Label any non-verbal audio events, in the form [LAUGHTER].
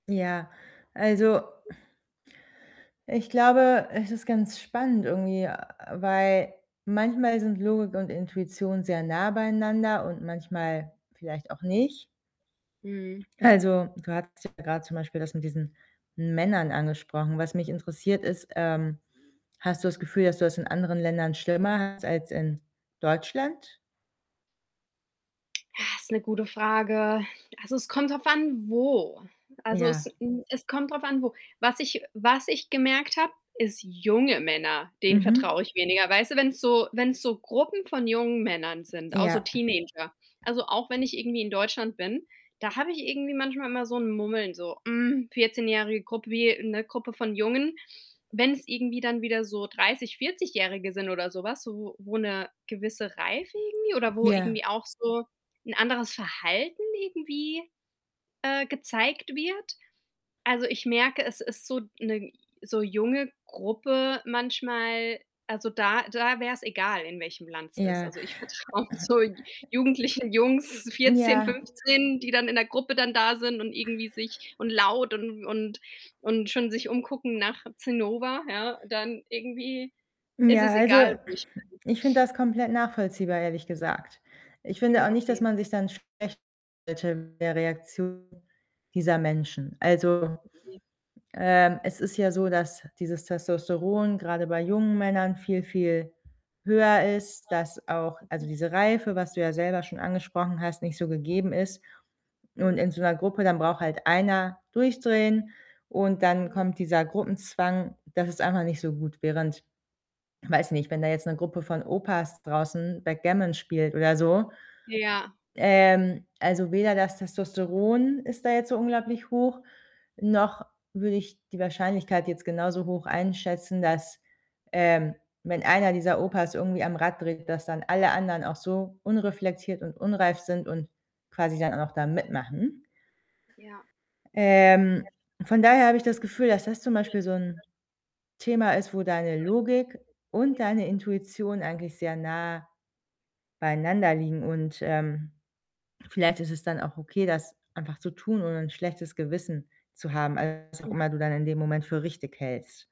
Ja, also [SIGHS] ich glaube, es ist ganz spannend irgendwie, weil manchmal sind Logik und Intuition sehr nah beieinander und manchmal vielleicht auch nicht. Mhm. Also, du hattest ja grad zum Beispiel das mit diesen Männern angesprochen. Was mich interessiert, ist, ähm, hast du das Gefühl, dass du das in anderen Ländern schlimmer hast als in Deutschland? Ah, ist 'ne gute Frage. Also, es kommt drauf an wo. Also, es Ja. hm, es kommt drauf an wo. Was ich was ich gemerkt habe, ist junge Männer, denen vertraue Mhm. ich weniger. Weißt du, wenn's so wenn's so Gruppen von jungen Männern sind, auch Ja. so Teenager. Also, auch wenn ich irgendwie in Deutschland bin, da habe ich irgendwie manchmal immer so 'n Mummeln, so: Hm, Vierzehnjährige Grup wie 'ne Gruppe von Jungen. Wenn's irgendwie dann wieder so dreißig Vierzigährige sind oder so was, wo wo 'ne gewisse Reife irgendwie oder wo Ja. irgendwie auch so 'n anderes Verhalten irgendwie, äh, gezeigt wird. Also, ich merke, es ist so 'ne so junge Gruppe manchmal, also da da wär's egal, in welchem Land's ist. Ja. Also, ich vertraue so jugendlichen Jungs, 14, Ja. 15, die dann in der Gruppe dann da sind und irgendwie sich und laut und und und schon sich umgucken nach Zinnober, ja, dann irgendwie ist Ja, es egal, also, wo ich [CLEARS THROAT] bin. ich finde das komplett nachvollziehbar, ehrlich gesagt. Ich finde auch Hm, nicht, dass okay. man sich dann schlecht [UNINTELLIGIBLE] der Reaktion dieser Menschen. Also, Okay. ähm, es ist ja so, dass dieses Testosteron grade bei jungen Männern viel viel höher ist, Ja, dass auch also, mhm. diese Reife, was du ja selber schon angesprochen hast, nicht so gegeben ist und Ja. in so 'ner Gruppe, dann braucht halt einer durchdrehen und dann Ja. kommt dieser Gruppenzwang, das ist einfach nicht so gut. Während, weiß nicht, wenn da jetzt 'ne Gruppe von Opas draußen Backgammon spielt oder so, Ja. ähm, also, weder das Testosteron ist da jetzt so unglaublich hoch, noch würde ich die Wahrscheinlichkeit jetzt genauso hoch einschätzen, dass, ähm, wenn einer dieser Opas irgendwie am Rad dreht, dass dann alle anderen auch so unreflektiert und unreif sind und quasi dann auch da mitmachen. Ja. Ähm, Ja. von daher habe ich das Gefühl, dass das zum Beispiel so 'n [UNINTELLIGIBLE] Thema ist, wo deine Logik und [UNINTELLIGIBLE] deine Intuition eigentlich sehr nah beieinander liegen und, ähm, vielleicht ist es dann auch okay, das einfach zu tun, ohne 'n schlechtes Gewissen zu haben, als was auch Hm. immer du dann in dem Moment für richtig hältst.